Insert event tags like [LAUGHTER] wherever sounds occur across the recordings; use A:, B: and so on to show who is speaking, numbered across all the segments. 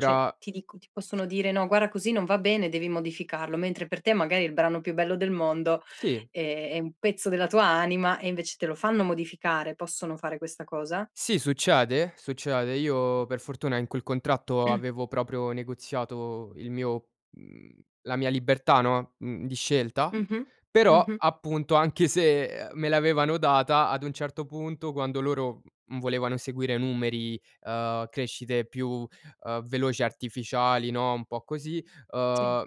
A: Cioè, ti dico, ti possono dire: "No, guarda così non va bene, devi modificarlo," mentre per te magari è il brano più bello del mondo,
B: Sì.
A: ehm, è un pezzo della tua anima e invece te lo fanno modificare, possono fare questa cosa?
B: Sì, succede, succede. Io per fortuna in quel contratto
A: [CLEARS THROAT]
B: avevo proprio negoziato il mio mhmm, la mia libertà, no, mhmm, di scelta,
A: Mh-mh.
B: però
A: Mh-mh.
B: appunto anche se, ehm, me l'avevano data ad un certo punto, quando loro, mhmm, volevano seguire numeri, ehm, crescite più, ehm, veloci artificiali, no, un po' così,
A: Sì.
B: ehm,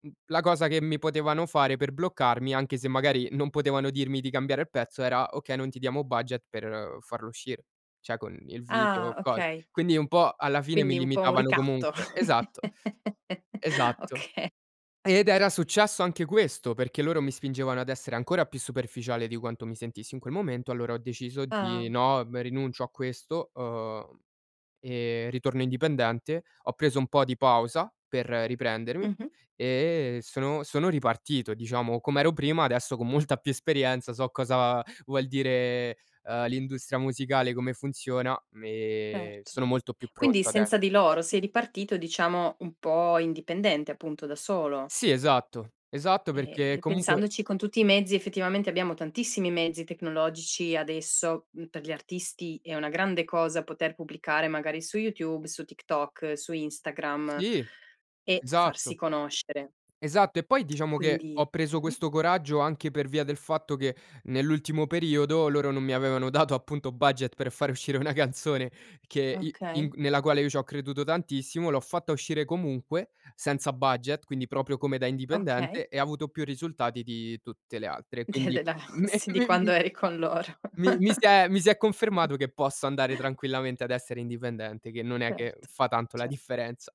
B: m la cosa che mi potevano fare per bloccarmi, anche se magari non potevano dirmi di cambiare il pezzo era: "Okay non ti diamo budget per farlo uscire", cioè con il video
A: Ah,
B: o cos
A: okay.
B: quindi un po' alla fine mi
A: Quindi un po' un
B: limitavano
A: ricatto.
B: comunque. Esatto,
A: [CHUCKLES]
B: esatto.
A: Oka
B: Ed era successo anche questo, perché loro mi spingevano ad essere ancora più superficiale di quanto mi sentissi in quel momento, allora ho deciso
A: Ah.
B: di: "No, ehm, rinuncio a questo, ehm, e ritorno indipendente," ho preso un po' di pausa per riprendermi
A: Mh-mh.
B: e sono sono ripartito diciamo, com'ero prima, adesso con molta più esperienza so cosa vuol dire, ehm, l'industria musicale, come funziona m ehm,
A: Erto.
B: sono molto più
A: Quindi
B: pronto ades
A: senza di loro sei ripartito e diciamo un po' indipendente appunto da solo.
B: Sì esatto, esatto perché
A: Ehm, e
B: comunque
A: pensandoci con tutti i mezzi, effettivamente abbiamo tantissimi mezzi tecnologici adesso, m per gli artisti, è una grande cosa poter pubblicare magari su YouTube, su TikTok, su Instagram
B: Sì,
A: e farsi
B: esatto.
A: conoscere.
B: Esatto e poi diciamo che ho
A: Quindi
B: preso
A: mh-mh.
B: questo coraggio anche per via del fatto che nell'ultimo periodo, loro non mi avevano dato appunto budget per far uscire una canzone, che i in
A: Okay.
B: g nella quale io c'ho creduto tantissimo, l'ho fatta uscire comunque senza budget, quindi proprio come da
A: Okay.
B: indipendente e avuto più risultati di tutte le altre. Quindi
A: [UNINTELLIGIBLE]
B: me
A: sì, di
B: mim
A: quando eri con loro.
B: mi mi si è mi si è
A: [CHUCKLES]
B: confermato che posso andare tranquillamente ad essere indipendente, che non è che
A: Erto,
B: fa tanto la
A: cer
B: differenza.